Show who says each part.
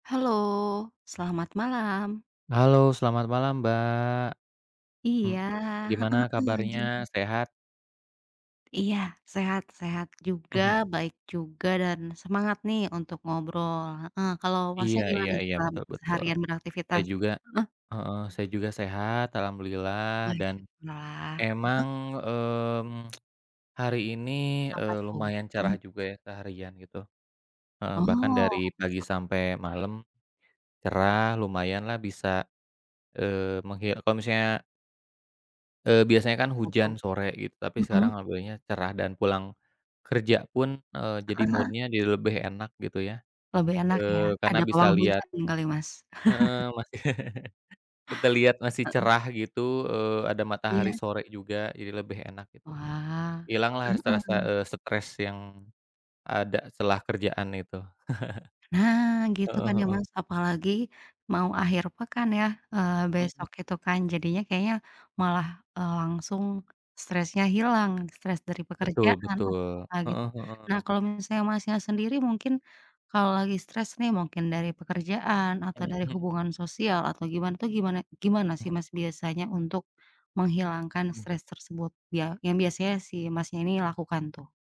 Speaker 1: Halo, selamat malam!
Speaker 2: Halo, selamat malam, Mbak, m
Speaker 1: Iya, heeh
Speaker 2: gimana
Speaker 1: heeh, gimana
Speaker 2: kabarnya
Speaker 1: tuh?
Speaker 2: sehat?
Speaker 1: Iya, sehat-sehat juga,
Speaker 2: Mhm.
Speaker 1: baik juga dan semangat nih untuk ngobrol, heeh. Kalo, Masnya
Speaker 2: Iya iya
Speaker 1: gimana
Speaker 2: iya,
Speaker 1: setelah be
Speaker 2: betul betul.
Speaker 1: seharian
Speaker 2: Saya
Speaker 1: beraktivitas?
Speaker 2: juga
Speaker 1: Heeh.
Speaker 2: heeh, saya juga sehat alhamdulillah dan
Speaker 1: Baiklah, heeh?
Speaker 2: emang, mmm, hari ini,
Speaker 1: Apa
Speaker 2: eee,
Speaker 1: tuh?
Speaker 2: lumayan cerah
Speaker 1: Mmm.
Speaker 2: juga ya seharian gitu. Heeh, bahkan
Speaker 1: Oh,
Speaker 2: dari pagi
Speaker 1: heeh.
Speaker 2: sampe malem
Speaker 1: Iya.
Speaker 2: cerah lumayan lah bisa, eee, memghi apa maksudnya eee, biasanya kan
Speaker 1: Apa
Speaker 2: hujan
Speaker 1: tuh?
Speaker 2: sore gitu tapi sekarang
Speaker 1: Mhm.
Speaker 2: alhamdulillahnya cerah dan pulang kerja pun heeh, jadi
Speaker 1: Heeh heeh.
Speaker 2: mood-nya jadi lebih enak gitu ya,
Speaker 1: Lebih enak ya,
Speaker 2: eee karena
Speaker 1: ada
Speaker 2: bisa
Speaker 1: pawang
Speaker 2: liat
Speaker 1: hujan kali, Mas.
Speaker 2: heeh, masi kita liat masih
Speaker 1: Heeh.
Speaker 2: cerah gitu, eee, ada matahari
Speaker 1: Iya.
Speaker 2: sore juga jadi lebih enak gitu.
Speaker 1: Wah,
Speaker 2: Ilang lah
Speaker 1: heeh
Speaker 2: rasa-rasa,
Speaker 1: heeh.
Speaker 2: eee, stres yang ada celah kerjaan itu.
Speaker 1: Nah, gitu
Speaker 2: Heeh
Speaker 1: kan ya,
Speaker 2: heeh.
Speaker 1: Mas, apalagi mau akhir pekan ya, eee,
Speaker 2: Mhm.
Speaker 1: besok itu kan. Jadinya kayaknya malah, eee, langsung stresnya hilang stres dari
Speaker 2: Betul
Speaker 1: pekerjaan.
Speaker 2: betul, heeh
Speaker 1: [unintelligible] Nah,
Speaker 2: heeh.
Speaker 1: kalo misalnya, Masnya, sendiri mungkin kalo lagi stres nih mungkin dari pekerjaan atau
Speaker 2: Mhm
Speaker 1: dari
Speaker 2: mhm.
Speaker 1: hubungan sosial atau gimana tuh gimana gimana
Speaker 2: Mhm.
Speaker 1: sih, Mas, biasanya untuk menghilangkan
Speaker 2: Mmm.
Speaker 1: stres tersebut ya yang biasanya sih, Masnya, ini lakukan tuh?